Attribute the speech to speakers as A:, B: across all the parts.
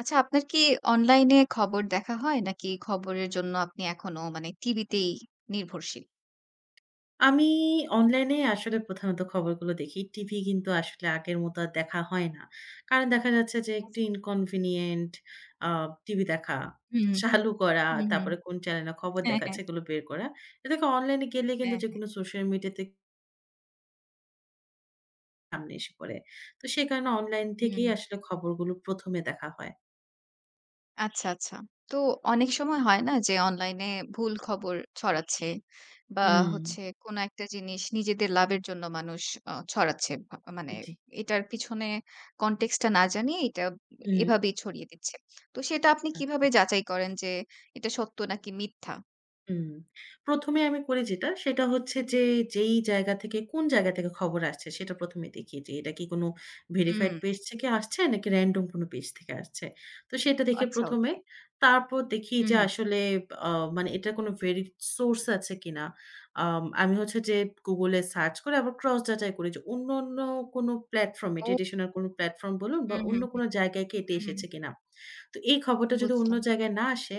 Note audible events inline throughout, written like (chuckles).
A: আচ্ছা, আপনার কি অনলাইন এ খবর দেখা হয় নাকি খবরের জন্য আপনি এখনো মানে টিভিতেই নির্ভরশীল?
B: আমি অনলাইনে আসলে প্রধানত খবরগুলো দেখি। টিভি কিন্তু আসলে আগের মত আর দেখা হয় না। কারণ দেখা যাচ্ছে যে
A: আচ্ছা।
B: একটু inconvenient আ টিভি দেখা,
A: হুম,
B: চালু করা,
A: হুম, হুম।
B: তারপরে কোন চ্যানেলে খবর
A: হ্যাঁ,
B: দেখাচ্ছে
A: হ্যাঁ।
B: এগুলো বের করা। এ দেখে অনলাইন গেলে
A: অ্যা
B: কিন্তু
A: হ্যাঁ।
B: যেকোনো সোশ্যাল মিডিয়া তে সামনে এসে পড়ে। তো সে কারণে অনলাইন থেকেই
A: হুম।
B: আসলে খবরগুলো ১ম এ দেখা হয়।
A: আচ্ছা, আচ্ছা। তো অনেক সময় হয় না? যে অনলাইনে ভুল খবর ছড়াচ্ছে বা
B: হুম।
A: হচ্ছে কোনো একটা জিনিস নিজেদের লাভের জন্য মানুষ অ ছড়াচ্ছে। ভা মানে
B: জ্বি।
A: এটার পিছনে context টা না জানিয়ে এটা এ
B: উম
A: এভাবেই ছড়িয়ে দিচ্ছে। তো সেটা আপনি কিভাবে
B: আচ্ছা।
A: যাচাই করেন যে এটা সত্য নাকি মিথ্যা?
B: উম ১ম এ আমি করি যেটা সেটা হচ্ছে যে যেই জায়গা থেকে কোন জায়গা থেকে খবর আসছে, সেটা ১ম এ দেখি, যে এটা কি কোনো ভেরিফাইড
A: উম
B: পেজ থেকে আসছে নাকি random কোনো পেজ থেকে আসছে। তো সেটা দেখে
A: আচ্ছা
B: ১ম এ,
A: ওকে।
B: তারপর দেখি
A: উ
B: যে
A: হু।
B: আসলে অ মানে এটার কোনো ভেরি সোর্স আছে কিনা। আম আমি হচ্ছে যে Google এ সার্চ করে আবার ক্রস যাচাই করি যে অন্য, অন্য কোনো প্লাটফর্ম এ
A: ও।
B: ট্রেডিশনাল কোনো প্ল্যাটফর্ম বলুন বা
A: উ হু,
B: অন্য
A: হু। উ
B: কোনো জায়গায় কেটে
A: হু,
B: এসেছে
A: হু।
B: কিনা। তো এই খবরটা যদি অন্য
A: বুঝলাম।
B: জায়গায় না আসে,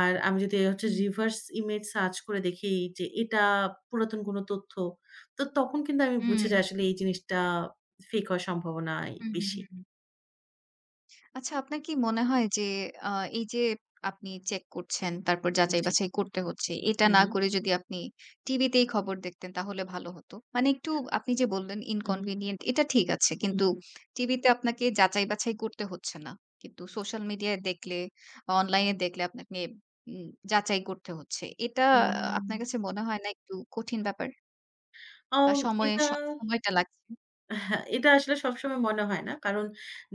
B: আর আমি যদি হচ্ছে
A: হুম।
B: রিভার্স ইমেজ সার্চ করে দেখি যে এটা পুরাতন কোনো তথ্য। তো তখন কিন্তু আমি বুঝে যাই
A: উম
B: আসলে এই জিনিসটা ফেক হওয়ার সম্ভাবনাই
A: উ হু, হু,
B: বেশি।
A: হু। আচ্ছা, আপনার কি মনে হয় যে, আ এই যে আপনি চেক করছেন, তারপর
B: জি।
A: যাচাই-বাছাই করতে হচ্ছে। এটা
B: হু,
A: না
B: হুম।
A: করে যদি আপনি টিভিতেই খবর দেখতেন, তাহলে ভালো হতো? মানে একটু আপনি যে বললেন,
B: উ হুম।
A: ইনকনভিনিয়েন্ট এটা ঠিক আছে।
B: উ
A: কিন্তু টিভিতে আপনাকে যাচাই-বাছাই করতে হচ্ছে না। কিন্তু সোশ্যাল মিডিয়ায় দেখলে, অনলাইনে দেখলে, আপনাকে উম যাচাই করতে হচ্ছে। এটা আপনার
B: উম
A: কাছে মনে হয় না, একটু কঠিন ব্যাপার?
B: অউ
A: বা সময়ে
B: এটা
A: স সময়টা লাগছে?
B: এহে এটা আসলে সবসময় মনে হয় না। কারণ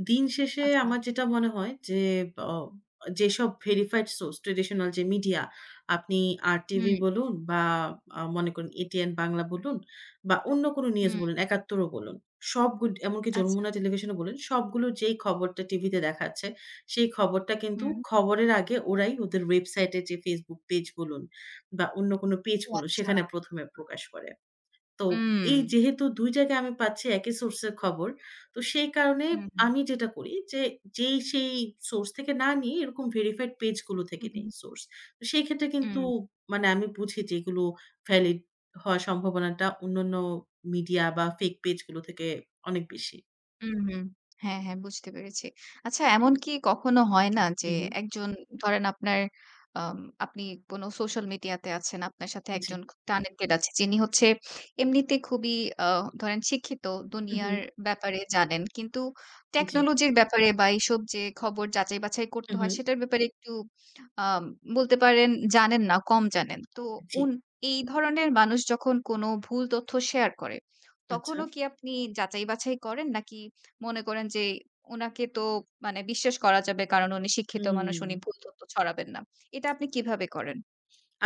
B: দিন শেষে
A: আচ্ছা।
B: আমার যেটা মনে হয়, যে ব্য যেসব ভেরিফাইড সোর্স, ট্র্যাডিশনাল যে মিডিয়া আপনি RTV
A: হুম।
B: বলুন, বা আ মনে করুন ATN Bangla বলুন, বা অন্য কোন নিউজ
A: হুম।
B: বলুন, Ekattor ও বলুন। সব গুড এমনকি
A: আচ্ছা।
B: Jamuna Television ও বলুন সবগুলো যেই খবরটা টিভিতে দেখাচ্ছে, সেই খবরটা কিন্তু
A: হুম।
B: খবরের আগে ওরাই ওদের ওয়েবসাইটে এ, যে Facebook পেজ বলুন, বা অন্য কোনো পেজ
A: ও
B: বলুন,
A: আচ্ছা।
B: সেখানে ১ম এ প্রকাশ করে। তো এই
A: উম
B: যেহেতু ২ জায়গায় আমি পাচ্ছি একই সোর্সের খবর। তো সেই কারণে
A: হু, হুম।
B: আমি যেটা করি যে যেই সেই সোর্স থেকে না নিয়ে, এরকম ভেরিফাইড পেজগুলো থেকে
A: হুম,
B: নেই
A: হুম।
B: সোর্স। তো সেই ক্ষেত্রে কিন্তু
A: উম
B: মানে আমি বুঝি যে এগুলো ভ্যালিড হওয়ার সম্ভাবনাটা অন্যান্য মিডিয়া, বা ফেক পেজগুলো থেকে অনেক বেশি।
A: উ হু। হ্যাঁ, হ্যাঁ বুঝতে পেরেছি। আচ্ছা, এমনকি কখনো হয় না যে,
B: উ হু।
A: একজন ধরেন আপনার আম আপনি কোন সোশ্যাল মিডিয়াতে আছেন। আপনার সাথে একজন
B: জ্বী।
A: খ কানেক্টেড আছে। যিনি হচ্ছে এমনিতে খুবই আ ধরেন শিক্ষিত,
B: উ
A: দুনিয়ার
B: হু।
A: ব্যাপারে জানেন। কিন্তু
B: জ্বী।
A: টেকনোলজির ব্যাপারে, বা এইসব যে খবর যাচাই-বাছাই
B: উ
A: করতে হয়,
B: হু।
A: সেটার ব্যাপারে একটু আ বলতে পারেন জানেন না, কম জানেন। তো
B: জ্বী।
A: উন এই ধরনের মানুষ যখন কোনো ভুল তথ্য শেয়ার করে।
B: আচ্ছা।
A: তখনও কি আপনি যাচাই-বাছাই করেন? নাকি মনে করেন, যে উনাকে তো মানে বিশ্বাস করা যাবে কারণ, উনি শিক্ষিত মানুষ, উনি
B: উম
A: ভুল তথ্য ছড়াবেন না। এটা আপনি কিভাবে করেন?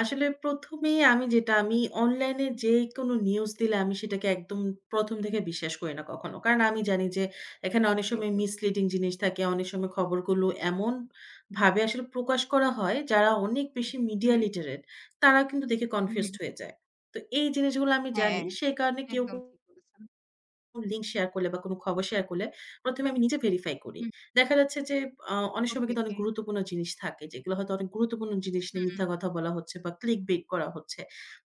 B: আসলে প্রথমেই আমি যেটা আমি অনলাইন এ যেকোনো নিউজ দিলে, আমি সেটাকে একদম ১ম থেকে বিশ্বাস করি না কখনো। কারণ আমি জানি, যে এখানে অনেক
A: ওকে,
B: সময়
A: ওকে।
B: মিসলিডিং জিনিস থাকে। অনেক সময় খবরগুলো এমন ভাবে আসলে প্রকাশ করা হয়। যারা অনেক বেশি মিডিয়া
A: হুম।
B: লিটারেট তারা কিন্তু দেখে
A: উ
B: কনফিউজড
A: হুম।
B: হয়ে যায়। তো এই জিনিসগুলো আমি জানি।
A: হ্যাঁ,
B: সেই কারণে কেউ,
A: একদম
B: কেউ
A: ঠিক বলেছেন।
B: লিঙ্ক শেয়ার করলে, বা কোন খবর শেয়ার করলে। ১ম এ আমি নিজে ভেরিফাই করি।
A: হুম।
B: দেখা যাচ্ছে, যে আ অনেক সময়
A: ওকে,
B: কিন্তু
A: ওকে।
B: অনেক গুরুত্বপূর্ণ জিনিস থাকে। যেগুলা হয়তো অনেক গুরুত্বপূর্ণ জিনিস নিয়ে
A: হুম।
B: মিথ্যা কথা বলা হচ্ছে, বা clickbait করা হচ্ছে।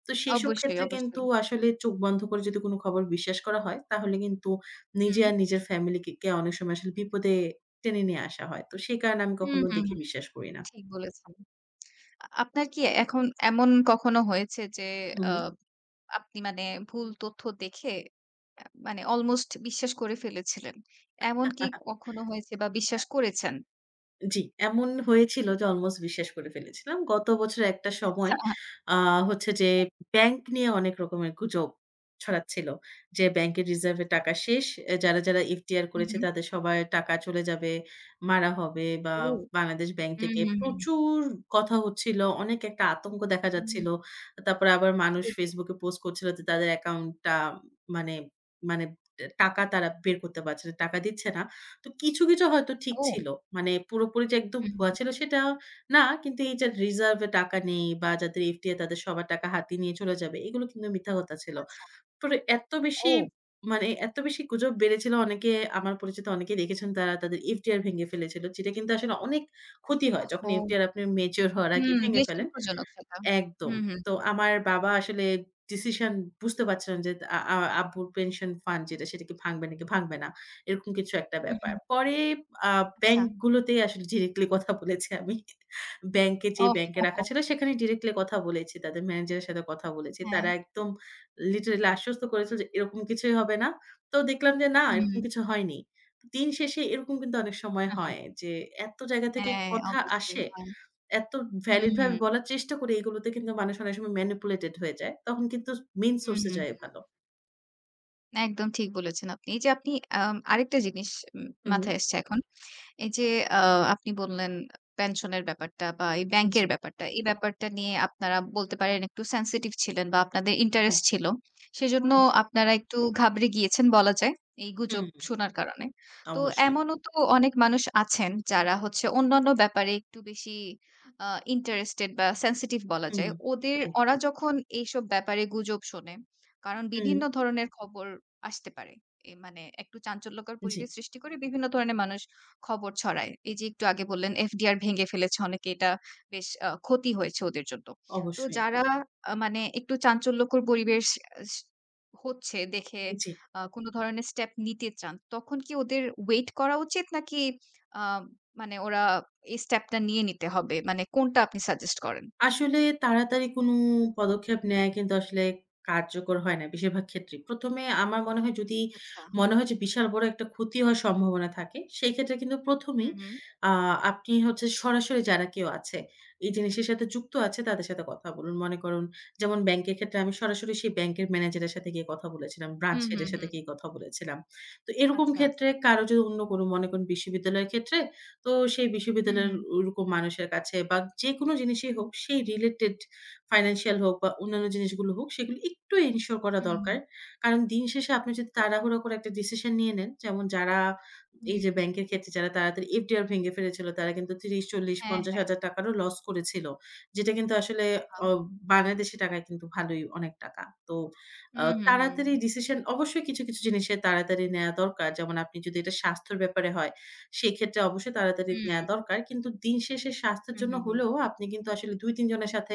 B: তো সেসব
A: অবশ্যই,
B: ক্ষেত্রে কিন্তু
A: অবশ্যই।
B: আসলে চোখ বন্ধ করে যদি কোন খবর বিশ্বাস করা হয়, তাহলে কিন্তু নিজে
A: হুম।
B: আর নিজের ফ্যামিলিকে কে অনেক সময় আসলে বিপদে টেনে নিয়ে আসা হয়। তো সেই কারণে আমি
A: হুম,
B: কখনো
A: হুম, হুম,
B: দেখে
A: হুম
B: বিশ্বাস করি না।
A: ঠিক বলেছেন। আ আপনার কি এখন এমন কখনো হয়েছে? যে
B: উ
A: আ
B: হু।
A: আপনি মানে ভুল তথ্য দেখে, অ্যা মানে অলমোস্ট বিশ্বাস করে ফেলেছিলেন। এমন কি
B: (chuckles)
A: কখনো হয়েছে? বা
B: আ
A: বিশ্বাস করেছেন?
B: জ্বি, এমন হয়েছিল যে অলমোস্ট বিশ্বাস করে ফেলেছিলাম। গত বছরের একটা সময়
A: আচ্ছা।
B: আ হচ্ছে যে ব্যাংক নিয়ে অনেক রকমের গুজব ছড়াচ্ছিল। যে ব্যাংকের রিজার্ভে
A: আচ্ছা।
B: টাকা শেষ। এহ যারা, যারা FDR
A: হু,
B: করেছে
A: হুম।
B: তাদের সবার টাকা চলে যাবে, মারা হবে, বা
A: ও!
B: বাংলাদেশ ব্যাংক
A: হুম,
B: থেকে
A: হুম, হুম।
B: প্রচুর কথা হচ্ছিল। অনেক একটা আতঙ্ক দেখা
A: উ হুম।
B: যাচ্ছিল। আ তারপরে আবার মানুষ
A: গুজব।
B: Facebook এ পোস্ট করছিল যে তাদের অ্যাকাউন্টটা মানে মানে দে টাকা তারা বের করতে পারছে না। টাকা দিচ্ছে না। তো কিছু, কিছু হয়তো ঠিক
A: ও!
B: ছিল। মানে পুরোপুরি যে একদম
A: হুম,
B: ভুয়া
A: হুম।
B: ছিল সেটা না, কিন্তু এই যে রিজার্ভে টাকা নেই, বা যাদের FDR তাদের সবার টাকা হাতি নিয়ে চলে যাবে, এগুলো কিন্তু মিথ্যা কথা ছিল।
A: আচ্ছা।
B: পরে এত বেশি
A: ও!
B: মানে এত বেশি গুজব বেড়েছিল। অনেকে আমার পরিচিত অনেকেই দেখেছেন, তারা তাদের FDR ভেঙে ফেলেছিল। যেটা কিন্তু আসলে অনেক ক্ষতি হয়। যখন
A: ওহহো!
B: FDR আপনের মেচিউর হওয়ার আগে
A: হুম,
B: ভেঙে
A: বেশ
B: ফেলেন
A: দুঃখজনক সেটা।
B: একদম।
A: হুম, হুম।
B: তো আমার বাবা আসলে ডিসিশন বুঝতে পারছে না যে আ আ আব্বুর পেনশন ফান্ড যেটা সেটা কি ভাঙবে, নাকি ভাঙবে না। এরকম কিছু একটা
A: উ
B: ব্যাপার।
A: হু।
B: পরে আ
A: আচ্ছা।
B: ব্যাংক গুলোতেই আসলে ডিরেক্টলি কথা বলেছি আমি। ব্যাংকে যেয়ে,
A: ওহ হ
B: ব্যাংকে রাখা
A: হো!
B: ছিল, সেখানেই ডিরেক্টলি কথা বলেছি। তাদের ম্যানেজারের সাথে কথা বলেছি। তারা
A: হ্যাঁ।
B: একদম লিটারেলি আশ্বস্ত করেছিল, যে এরকম কিছুই হবে না। তো দেখলাম যে না এরকম
A: হুম।
B: কিছু হয়নি। দিন শেষে এরকম কিন্তু অনেক সময়
A: (chuckles)
B: হয় যে এত জায়গা থেকে
A: হ্যাঁ,
B: কথা
A: অবশ্যই
B: আসে।
A: হয়।
B: এত ভ্যালিড
A: হুম।
B: ভাবে বলার চেষ্টা করে, এগুলোতে কিন্তু মানুষ অনেক সময় ম্যানিপুলেটেড হয়ে যায়। তখন কিন্তু স মেইন
A: হু,
B: সোর্স এ
A: হুম,
B: যাওয়াই
A: হুম।
B: ভালো।
A: একদম ঠিক বলেছেন আপনি। এই যে আপনি আম আরেকটা জিনিস উম
B: হু,
A: মাথায়
B: হু।
A: এসেছে এখন। এই যে আ আপনি বললেন আ পেনশনের ব্যাপারটা বা এই ব্যাংকের
B: জি।
A: ব্যাপারটা। এই ব্যাপারটা নিয়ে আপনারা বলতে পারেন একটু sensitive ছিলেন বা আপনাদের
B: হ্যাঁ।
A: ইন্টারেস্ট ছিল। সেজন্য
B: উ জি।
A: আপনারা একটু ঘাবড়ে গিয়েছেন বলা যায়। এই
B: হুম,
A: গুজব শোনার কারণে। তো
B: অবশ্যই।
A: এমনও তো অনেক মানুষ আছেন যারা হচ্ছে, অন্যান্য ব্যাপারে একটু বেশি আ ইন্টারেস্টেড বা sensitive বলা
B: হুম,
A: যায়। ওদের ওরা
B: একদম।
A: যখন এইসব ব্যাপারে গুজব শোনে। কারণ বিভিন্ন
B: হু।
A: ধরনের খবর আসতে পারে। এ মানে একটু চাঞ্চল্যকর পরিবেশ
B: জি।
A: সৃষ্টি করে বিভিন্ন ধরনের মানুষ খবর ছড়ায়। এই যে একটু আগে বললেন, FDR ভেঙে ফেলেছে অনেকে এটা বেশ আ ক্ষতি হয়েছে ওদের জন্য। তো
B: অবশ্যই।
A: যারা আ মানে একটু চাঞ্চল্যকর পরিবেশ আস হচ্ছে দেখে
B: জি।
A: আ কোনো ধরনের স্টেপ নিতে চান। তখন কি ওদের ওয়েট করা উচিত নাকি আ মানে ওরা এই স্টেপটা নিয়ে নিতে হবে? মানে কোনটা আপনি সাজেস্ট করেন?
B: আসলে তাড়াতাড়ি কোনো পদক্ষেপ নেয়াই কিন্তু আসলে কার্যকর হয় না বেশিরভাগ ক্ষেত্রেই। ১ম এ আমার মনে হয় যদি
A: আচ্ছা।
B: মনে হয় যে, বিশাল বড় একটা ক্ষতি হওয়ার সম্ভাবনা থাকে সেই ক্ষেত্রে কিন্তু
A: হু,
B: প্রথমেই
A: হু।
B: আ আপনি হচ্ছে সরাসরি যারা কেউ আছে এই জিনিসের সাথে যুক্ত
A: হুম।
B: আছে তাদের সাথে কথা বলুন। মনে করুন যেমন ব্যাংকের ক্ষেত্রে আমি সরাসরি সেই ব্যাংকের ম্যানেজারের সাথে গিয়ে কথা বলেছিলাম, ব্রাঞ্চ
A: হুম,
B: হেড
A: হুম,
B: এর সাথে
A: হুম।
B: গিয়ে কথা বলেছিলাম। তো এরকম
A: আচ্ছা,
B: ক্ষেত্রে
A: আচ্ছা।
B: কারো যো অন্য কোনো মনে করেন বিশ্ববিদ্যালয়ের ক্ষেত্রে, তো সেই
A: হুম,
B: বিশ্ববিদ্যালয়ের
A: হুম।
B: ঐরকম মানুষের কাছে বা যেকোনো জিনিসই হোক সেই রিলেটেড ফাইন্যান্সিয়াল হোক বা অন্যান্য জিনিসগুলো হোক, সেগুলো একটু এনশিওর করা
A: হুম,
B: দরকার।
A: হুম।
B: কারণ দিন শেষে আপনি যদি তাড়াহুড়ো করে একটা ডিসিশন নিয়ে নেন, যেমন যারা এই যে
A: হুম।
B: ব্যাংকের ক্ষেত্রে যারা তাড়াতাড়ি FDR ভেঙে ফেলেছিল তারা কিন্তু
A: হ্যাঁ,
B: তিরিশ-চল্লিশ-পঞ্চাশ
A: হ্যাঁ।
B: হাজার টাকারও লস করেছিল। যেটা কিন্তু আসলে
A: আহা!
B: অব বাংলাদেশী টাকায় কিন্তু ভালোই অনেক টাকা। তো আ
A: হুম, হুম, হুম।
B: তাড়াতাড়ি ডিসিশন অবশ্যই কিছু, কিছু জিনিসে তাড়াতাড়ি নেয়া দরকার। যেমন আপনি যদি এটা স্বাস্থ্যের ব্যাপারে হয়, সেক্ষেত্রে অবশ্যই তাড়াতাড়ি নেয়া
A: হুম।
B: দরকার। কিন্তু দিন শেষে স্বাস্থ্যের
A: হুম,
B: জন্য
A: হুম, হুম।
B: হলেও আপনি কিন্তু আসলে ২-৩ জনের সাথে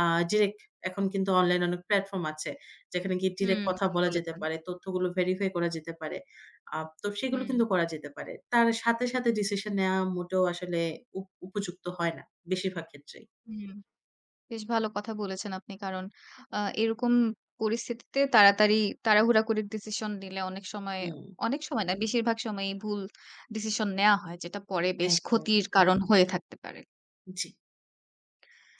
B: আ ডিরেক্ট এখন কিন্তু অনলাইনে অনেক প্ল্যাটফর্ম আছে। যেখানে গিয়ে ডিরেক্ট
A: হুম,
B: কথা
A: ঠিক
B: বলা যেতে
A: বলেছেন।
B: পারে, তথ্যগুলো ভেরিফাই করা যেতে পারে। আ তো সেগুলো
A: হুম।
B: কিন্তু করা যেতে পারে। তার সাথে, সাথে ডিসিশন নেয়া মোটেও আসলে উপ উপযুক্ত হয় না। বেশিরভাগ ক্ষেত্রেই।
A: হুম। বেশ ভালো কথা বলেছেন আপনি। কারণ আ এরকম পরিস্থিতিতে তাড়াতাড়ি তাড়াহুড়া করে ডিসিশন নিলে অনেক সময়
B: উম
A: অনেক সময় না বেশিরভাগ সময়েই ভুল ডিসিশন নেয়া হয়। যেটা পরে বেশ
B: একদম।
A: ক্ষতির কারণ হয়ে থাকতে পারে।
B: জ্বি।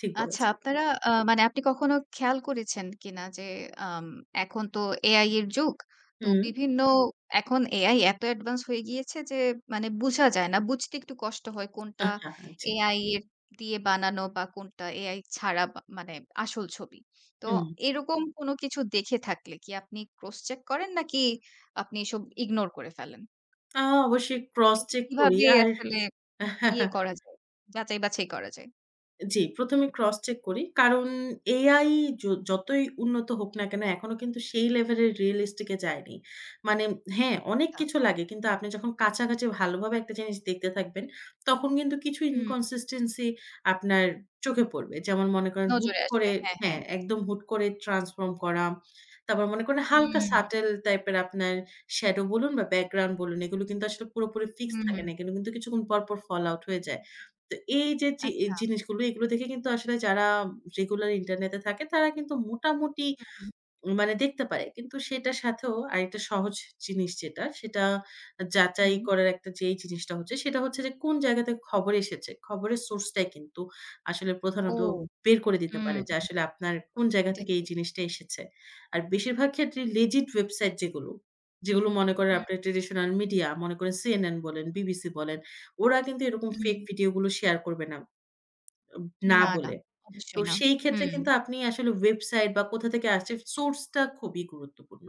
B: ঠিক
A: আচ্ছা,
B: বলেছেন।
A: আপনারা আ মানে আপনি কখনো খেয়াল করেছেন কিনা, যে আম এখন তো AI এর যুগ। তো
B: হুম।
A: বিভিন্ন এখন AI এত অ্যাডভান্স হয়ে গিয়েছে যে মানে বুঝা যায় না। বুঝতে একটু কষ্ট হয় কোনটা
B: আহ! হা, হা, জ্বী।
A: AI এর দিয়ে বানানো বা কোনটা AI ছাড়া মা মানে আসল ছবি। তো
B: হুম।
A: এরকম কোন কিছু দেখে থাকলে কি আপনি ক্রস চেক করেন? নাকি আপনি এসব ইগনোর করে ফেলেন?
B: আ অবশ্যই ক্রস
A: এটি
B: চেক করি
A: কিভাবে
B: আর
A: আসলে ইয়ে
B: (chuckles)
A: করা যায়, যাচাই বাছাই করা যায়?
B: জ্বি, প্রথমেই ক্রস চেক করি। কারণ AI য যতই উন্নত হোক না কেন। এখনো কিন্তু সেই লেভেলের রিয়ালিস্টিক এ যায়নি। মানে হ্যাঁ, অনেক
A: তা
B: কিছু লাগে। কিন্তু আপনি যখন কাছাকাছি ভালোভাবে একটা জিনিস দেখতে থাকবেন, তখন কিন্তু কিছু
A: হুম।
B: inconsistency আপনার চোখে পড়বে। যেমন মনে করেন হুট
A: নজরে আসবে।
B: করে
A: হ্যাঁ, হ্যাঁ।
B: হ্যাঁ, একদম হুট করে ট্রান্সফর্ম করা। তারপর মনে করেন
A: উম
B: হালকা
A: হুম।
B: সাটেল টাইপের আপনার স্যাডো বলুন বা ব্যাকগ্রাউন্ড বলুন এগুলো কিন্তু আসলে পুরোপুরি ফিক্সড থাকে না।
A: হুম।
B: এখানে কিন্তু কিছুক্ষণ পর, পর, ফল আউট হয়ে যায়। তো এই যে জি
A: আচ্ছা।
B: জিনিসগুলো এগুলো দেখে কিন্তু আসলে যারা রেগুলার ইন্টারনেটে থাকে, তারা কিন্তু মোটামুটি
A: হুম।
B: মানে দেখতে পায়। কিন্তু সেটার সাথেও আরেকটা সহজ জিনিস যেটা, সেটা আ যাচাই
A: হুম।
B: করার একটা যেই জিনিসটা হচ্ছে, সেটা হচ্ছে যে কোন জায়গাতে খবর এসেছে। খবরের সোর্সটাই কিন্তু আসলে
A: ও!
B: প্রধানত বের করে দিতে
A: উম
B: পারে। যে
A: হুম,
B: আসলে আপনার কোন জায়গা
A: এটা
B: থেকে এই
A: ঠিক।
B: জিনিসটা এসেছে। আর বেশিরভাগ ক্ষেত্রেই Legit website যেগুলো, যেগুলো, মনে করেন
A: হুম।
B: আপনার ট্র্যাডিশনাল মিডিয়া, মনে করেন CNN বলেন, BBC বলেন, ওরা কিন্তু এরকম ফেক
A: হুম।
B: ভিডিও গুলো শেয়ার করবে না। অব না
A: না, না
B: বলে। তো
A: অবশ্যই না।
B: সেই ক্ষেত্রে
A: হুম।
B: কিন্তু আপনি আসলে website বা কোথা থেকে আসছে সোর্স টা খুবই গুরুত্বপূর্ণ।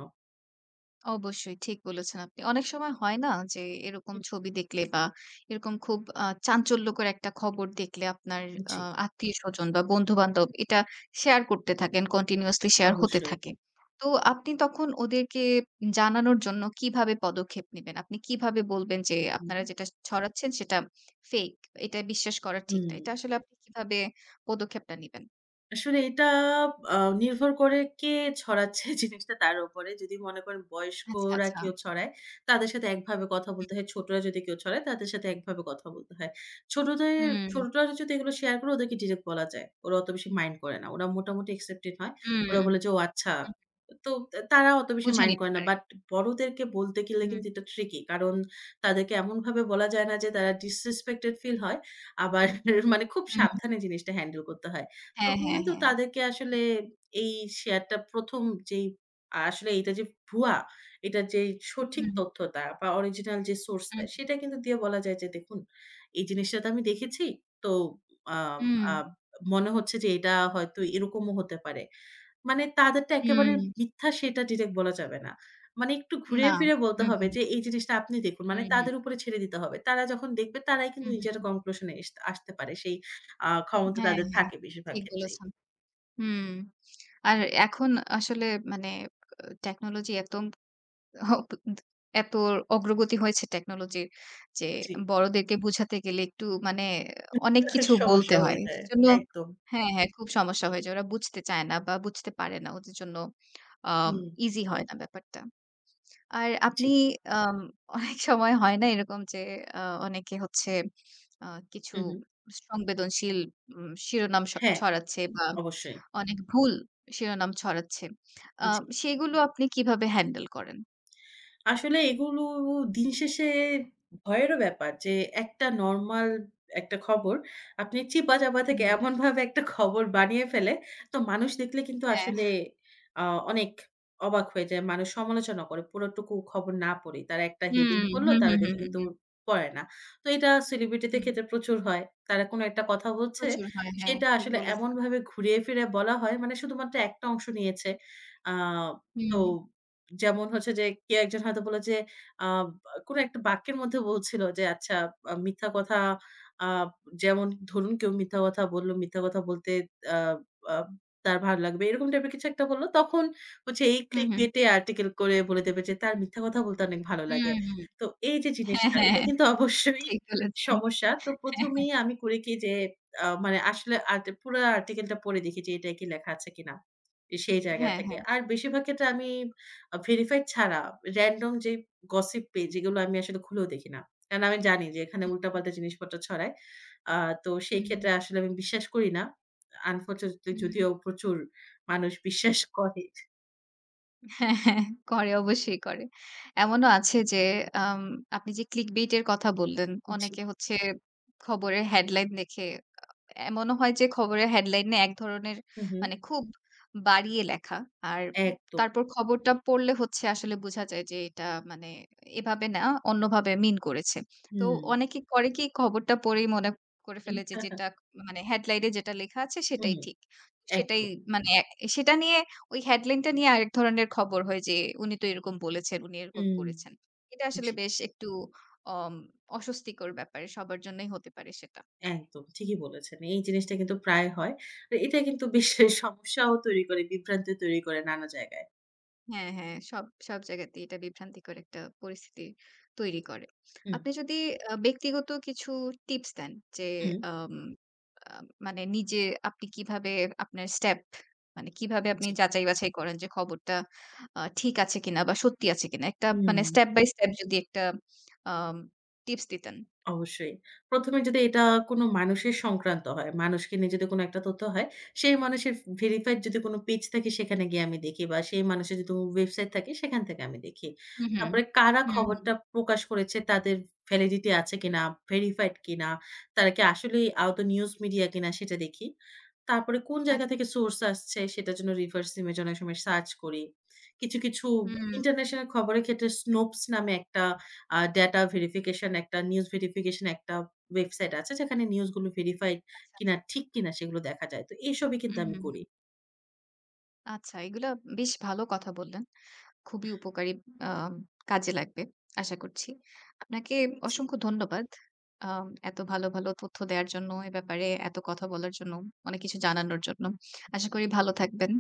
A: অবশ্যই, ঠিক বলেছেন আপনি। অনেক সময় হয় না? যে এরকম
B: উম
A: ছবি দেখলে বা এরকম খুব আ চাঞ্চল্যকর একটা খবর দেখলে আপনার আ
B: জ্বী।
A: আত্মীয়স্বজন বা বন্ধু-বান্ধব এটা শেয়ার করতে থাকেন, continuously share হতে
B: অবশ্যই।
A: থাকে। তো আপনি তখন ওদেরকে জানানোর জন্য কীভাবে পদক্ষেপ নিবেন? আপনি কিভাবে বলবেন যে আপনারা
B: হুম।
A: যেটা ছড়াচ্ছেন সেটা ফেক এটা বিশ্বাস করা ঠিক
B: হুম।
A: না। এটা আসলে আপনি কিভাবে পদক্ষেপটা নিবেন?
B: আসলে এটা আ নির্ভর করে কে ছড়াচ্ছে জিনিসটা তার উপরে। যদি মনে করেন
A: আচ্ছা,
B: বয়স্করা কেউ
A: আচ্ছা।
B: ছড়ায়, তাদের সাথে একভাবে কথা
A: হুম।
B: বলতে হয়, ছোটরা যদি কেউ ছড়ায় তাদের সাথে একভাবে কথা বলতে হয়। ছোটদের
A: হুম।
B: ছোটরা যদি এগুলো শেয়ার করে ওদেরকে ডিরেক্ট বলা যায়। ওরা অত বেশি মাইন্ড করে না। ওরা মোটামুটি accepted হয়।
A: উম
B: ওরা
A: উ
B: বলে যে, "ও আচ্ছা।"
A: হু।
B: তো অ্যা তারা অত বেশি
A: বুঝে
B: মাইন্ড
A: নিতে
B: করে না।
A: পারে।
B: বাট বড়দেরকে বলতে গেলে
A: উ
B: কিন্তু এটা ট্রিকি, কারণ তাদেরকে এমনভাবে বলা যায় না যে তারা disrespected feel হয়। আবার (chuckles) মানে খুব
A: উম
B: সাবধানে জিনিসটা হ্যান্ডেল করতে হয়।
A: হ্যাঁ,
B: তখন
A: হ্যাঁ,
B: কিন্তু
A: হ্যাঁ,
B: তাদেরকে
A: হ্যাঁ।
B: আসলে এই শেয়ার টা ১ম যেই আ আসলে এইটা যে ভুয়া, এইটা যেই
A: উ
B: সঠিক
A: হু।
B: তথ্যটা বা অরিজিনাল যে সোর্সটা
A: উম
B: সেটা কিন্তু দিয়ে বলা যায় যে, "দেখুন, এই জিনিসটা তো আমি দেখেছি। তো আম
A: উম
B: আম মনে হচ্ছে যে এটা হয়তো এরকমও হতে পারে।" মানে তাদেরটা একেবারে
A: হুম।
B: মিথ্যা সেটা ডিরেক্ট বলা যাবে না। মানে একটু
A: না,
B: ঘুরিয়ে ফিরিয়ে বলতে
A: হু,
B: হবে
A: হু।
B: যে এই জিনিসটা আপনি দেখুন। মানে
A: হুম, হুম।
B: তাদের উপরে ছেড়ে দিতে হবে। তারা যখন দেখবে তারাই
A: উ
B: কিন্তু
A: হু,
B: নিজেরা
A: হু।
B: conclusion এস আসতে পারে। সেই আ ক্ষমতা
A: হ্যাঁ,
B: তাদের
A: হ্যাঁ,
B: থাকে বেশিরভাগ
A: ঠিক
B: ক্ষেত্রেই।
A: বলেছেন। হুম, আর এখন আসলে মানে অ টেকনোলজি এতম হ ত ত এত অগ্রগতি হয়েছে টেকনোলজির যে
B: জী।
A: বড়দেরকে বোঝাতে গেলে একটু মানে
B: উহ
A: অনেক
B: প্রচুর
A: কিছু বলতে
B: সমস্যা হয়ে
A: হয়।
B: যায়।
A: সেজন্য
B: একদম।
A: হ্যাঁ, হ্যাঁ খুব সমস্যা হয়ে যায়। ওরা বুঝতে চায় না বা বুঝতে পারে না। ওদের জন্য আম
B: হুম।
A: ইজি হয় না ব্যাপারটা। আর আপনি
B: জ্বী।
A: আম অনেক সময় হয় না এরকম যে আ অনেকে হচ্ছে আ কিছু
B: হুম, হুম।
A: সংবেদনশীল উম শিরোনাম স
B: হ্যাঁ,
A: ছড়াচ্ছে বা
B: অবশ্যই।
A: অনেক ভুল শিরোনাম ছড়াচ্ছে। আ
B: জী।
A: সেগুলো আপনি কিভাবে হ্যান্ডেল করেন?
B: আসলে এগুলো দিন শেষে ভয়েরও ব্যাপার, যে একটা নরমাল একটা খবর আপনি চিপা-চাপা
A: উ
B: থেকে
A: হু।
B: এমনভাবে একটা খবর বানিয়ে ফেলে তো মানুষ দেখলে কিন্তু
A: হ্যাঁ।
B: আসলে আ অনেক অবাক হয়ে যায়। মানুষ সমালোচনা করে পুরোটুকু খবর না পড়েই। তারা একটা
A: হুম।
B: heading পড়লো
A: হুম,
B: তারা
A: হুম, হুম,
B: দেখে
A: হুম,
B: কিন্তু
A: হুম।
B: পড়ে না। তো এটা সেলিব্রিটিদের
A: হুম।
B: খেতে প্রচুর হয়। তারা কোনো একটা কথা বলছে,
A: প্রচুর হয় হ্যাঁ,
B: সেটা
A: ঠিক
B: আসলে
A: বলেছেন।
B: এমনভাবে ঘুরিয়ে ফিরেয়ে বলা হয় মানে শুধুমাত্র একটা অংশ নিয়েছে। আ তো
A: হুম।
B: যেমন হচ্ছে যে কেউ একজন হয়তো বলে যে আব আ কোনো একটা বাক্যের মধ্যে বলছিল, যে আচ্ছা আ মিথ্যা কথা আ যেমন ধরুন কেউ মিথ্যা কথা বলল, মিথ্যা কথা বলতে আ আ তার ভাল লাগবে। এরকম টাইপ এর কিছু একটা বললো। তখন হচ্ছে এই
A: উ হুম।
B: ClickBit এ আর্টিকেল করে বলে দেবে যে, তার মিথ্যা কথা বলতে অনেক ভালো
A: উ
B: লাগে।
A: হু।
B: তো এই যে
A: হ্যাঁ,
B: জিনিসটা এটা
A: হ্যাঁ
B: কিন্তু অবশ্যই
A: ঠিক বলেছেন।
B: সমস্যা। তো
A: হ্যাঁ, হ্যাঁ।
B: প্রথমেই আমি করি কি যে, আ মানে আসলে আট পুরা আর্টিকেলটা পড়ে দেখি যে এটাই কি লেখা আছে কিনা। সেই জায়গা
A: হ্যাঁ,
B: থেকে,
A: হ্যাঁ।
B: আর বেশিরভাগ ক্ষেত্রে আমি আ ভেরিফাইড ছাড়া রেনডম যেই গসিপ পেজ যেগুলো আমি আসলে খুলেও দেখি না। কারণ আমি জানি যে এখানে
A: হু, হু।
B: উল্টা-পাল্টা জিনিসপত্র ছড়ায়। আ তো সেই
A: হুম, হুম।
B: ক্ষেত্রে আসলে আমি বিশ্বাস করি না। আ unfortunately
A: হুম।
B: যদিও প্রচুর মানুষ বিশ্বাস করে।
A: হ্যাঁ, হ্যাঁ করে অবশ্যই করে। এমনও আছে যে আম আপনি যে ClickBit এর কথা বললেন,
B: জি।
A: অনেকে হচ্ছে খবরের হেডলাইন দেখে আ আ এমনও হয় যে খবরের হেডলাইন এ একধরনের
B: হু, হু।
A: মানে খুব বাড়িয়ে লেখা। আর উম
B: একদম।
A: তারপর খবরটা পড়লে হচ্ছে, আসলে বুঝা যায় যে, এটা মানে এভাবে না, অন্যভাবে মিন করেছে। তো
B: উম
A: অনেকে করে কি, খবরটা পড়েই মনে করে ফেলে, যে
B: (chuckles)
A: যেটা মানে হেডলাইন এ যেটা লেখা আছে, সেটাই
B: উ-হুম,
A: ঠিক। সেটাই
B: একদম।
A: মানে এ সেটা নিয়ে ওই হেডলাইন টা নিয়ে আরেক ধরনের খবর হয় যে, "উনি তো এরকম বলেছেন, উনি এরকম
B: উম
A: করেছেন।" এটা আসলে
B: জী।
A: বেশ একটু অম অস্বস্তিকর ব্যাপার সবার জন্যই হতে পারে সেটা।
B: একদম ঠিকই বলেছেন। এই জিনিসটা কিন্তু প্রায় হয়। তো এটা কিন্তু বিশ্বে সমস্যাও তৈরি করে, বিভ্রান্তিও তৈরি করে নানা জায়গায়।
A: হ্যাঁ, হ্যাঁ, সব সব জায়গাতেই এটা বিভ্রান্তিকর একটা পরিস্থিতি তৈরি করে।
B: হুম।
A: আপনি যদি আ ব্যক্তিগত কিছু টিপস দেন, যে
B: হুম।
A: আম আম মানে নিজে আপনি কিভাবে আপনার step মানে কিভাবে আপনি
B: জী।
A: যাচাই-বাছাই করেন যে, খবরটা আ ঠিক আছে কিনা? বা সত্যি আছে কিনা? একটা মানে
B: উম
A: step by step যদি একটা আম টিপস
B: উ
A: দিতেন?
B: অবশ্যই। ১ম এ যদি এটা কোন মানুষের সংক্রান্ত হয়, মানুষকে নিয়ে যদি কোন একটা তথ্য হয়, সেই মানুষের ফ ভেরিফাইড যদি কোন পেজ থাকে, সেখানে গিয়ে আমি দেখি, বা সেই মানুষের যদি ওয়েবসাইট থাকে, সেখান থেকে আমি দেখি।
A: হু, হুম।
B: তারপরে কারা
A: হু, হু।
B: খবরটা প্রকাশ করেছে তাদের ভ্যালিডিটি আছে কিনা? ভেরিফাইড কিনা? তারা কি আসলেই আয়ত নিউজ মিডিয়া কিনা? সেটা দেখি। তারপরে কোন জায়গা
A: আচ্ছা।
B: থেকে সোর্স আসছে, সেটার জন্য রিভার্স ইমেজ অনেক সময় সার্চ করি। কিছু, কিছু বা
A: হুম।
B: ইন্টারন্যাশনাল খবরের ক্ষেত্রে Snopes নামে একটা আ ডাটা ভেরিফিকেশন একটা নিউজ ভেরিফিকেশন একটা ওয়েবসাইট আছে, যেখানে নিউজগুলো ভেরিফাই
A: আচ্ছা,
B: কিনা,
A: আচ্ছা।
B: ঠিক কিনা সেগুলো দেখা যায়। তো এসবই
A: উ
B: কিন্তু আমি
A: হু,
B: করি।
A: হু। আচ্ছা, এগুলা বেশ ভালো কথা বললেন। খুবই উপকারী আম কাজে লাগবে। আশা করছি। আপনাকে
B: জি।
A: অসংখ্য ধন্যবাদ। আম এত ভালো, ভালো তথ্য দেওয়ার জন্য, এ ব্যাপারে এত কথা বলার জন্য, অনেক কিছু জানানোর জন্য। আশা করি ভালো থাকবেন।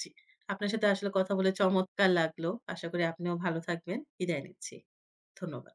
B: জ্বি। আপনার সাথে আসলে কথা বলে, চমৎকার লাগলো! আশা করি আপনিও ভালো থাকবেন। বিদায় নিচ্ছি। ধন্যবাদ।